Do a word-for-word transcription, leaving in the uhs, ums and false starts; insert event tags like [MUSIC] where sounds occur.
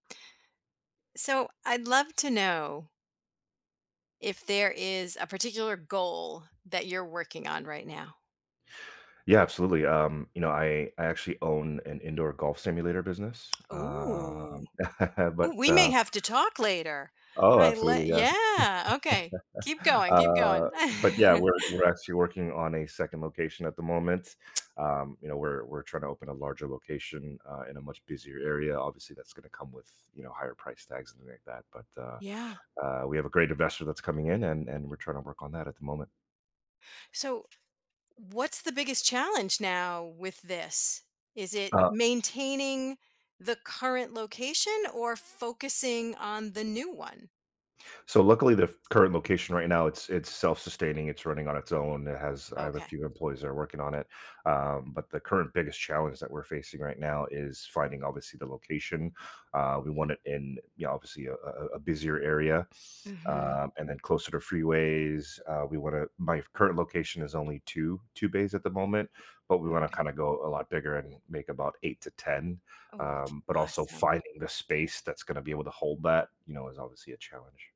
So, I'd love to know if there is a particular goal that you're working on right now? Yeah, absolutely, um, you know, I I actually own an indoor golf simulator business, Ooh. um [CHUCKLES] Ooh, but, we may uh have to talk later. Oh, I lo absolutely, yeah. yeah, okay. Keep [CHUCKLES] going, keep going. Uh, but yeah, [CHUCKLES] we're we're actually working on a second location at the moment. Um, you know, we're we're trying to open a larger location, uh, in a much busier area, obviously, that's gonna come with, you know, higher price tags and ni that, but, uh, Yeah. uh, we have a great investor that's coming in and and we're trying to work on that at the moment. So, what's the biggest challenge now with this? Is it Uh maintaining the current location or focusing on the new one? So luckily, the f current location right now, it's it's self-sustaining, it's running on its own. It has I have a Okay. few employees that are working on it, um, but the current biggest challenge that we're facing right now is finding obviously the location. Uh, we want it in, you know, obviously, a a a a busier area, Mhm. um, and then closer to freeways. Uh, we wanna my current location is only two two bays at the moment, but we wanna Okay. kind of go a lot bigger and make about eight to ten, Oh, um, but also awesome. finding the space that's gonna be able to hold that, you know, is obviously a challenge.